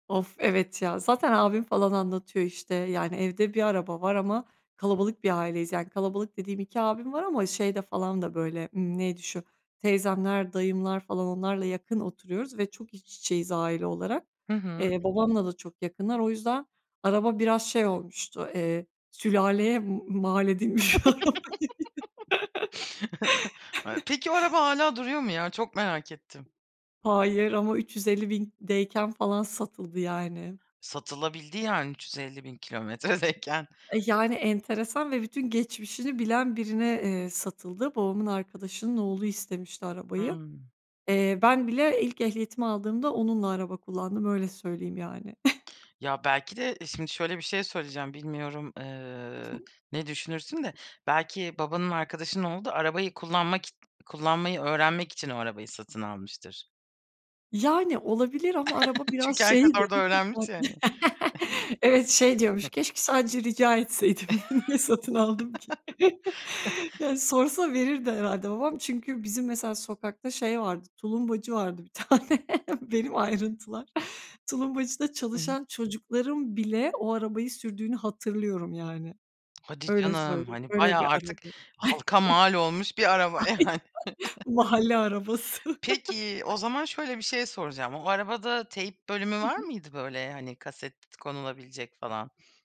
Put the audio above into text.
Of, evet ya. Zaten abim falan anlatıyor işte. Yani evde 1 araba var ama kalabalık bir aileyiz. Yani kalabalık dediğim 2 abim var ama şeyde falan da böyle, ımm, neydi şu, teyzemler, dayımlar falan, onlarla yakın oturuyoruz ve çok iç içeyiz aile olarak. Hı hı. Eee, babamla da çok yakınlar o yüzden araba biraz şey olmuştu, eee, sülaleye m m mal edilmiş araba. [unintelligible] Peki o araba hâlâ duruyor mu ya? Çok merak ettim. Hayır ama 350.000'deyken falan satıldı, yani. Satılabildi yani 350.000 kilometredeyken. E, yani enteresan ve bütün geçmişini bilen birine, eee, satıldı. Babamın arkadaşının oğlu istemişti arabayı. Hımm. Eee, ben bile ilk ehliyetimi aldığımda onunla araba kullandım, öyle söyleyeyim yani. Ya, belki de şimdi şöyle bir şey söyleyeceğim, bilmiyorum, Hı hı. eee, ne düşünürsün de belki babanın arkadaşının oğlu da arabayı kullanmak kullanmayı öğrenmek için o arabayı satın almıştır. Yani, olabilir ama araba biraz Çünkü herkes şeydi, orada hakikaten öğrenmiş ya hani. Evet, şey diyormuş: "Keşke sadece rica etseydim. Niye satın aldım ki?" Yani sorsa verirdi herhâlde babam. Çünkü bizim mesela sokakta şey vardı, tulumbacı vardı bir tane, benim ayrıntılar. Tulumbacıda Hı hı. çalışan çocukların bile o arabayı sürdüğünü hatırlıyorum yani, Hadi öyle canım! söyleyeyim. Hani, Öyle bayağı bir artık araba. halka mal olmuş bir araba Aynen. yani. Mahalle arabası. Peki, o zaman şöyle bir şey soracağım. O arabada teyp bölümü Hı var hı. mıydı, böyle, hani, kaset konulabilecek falan?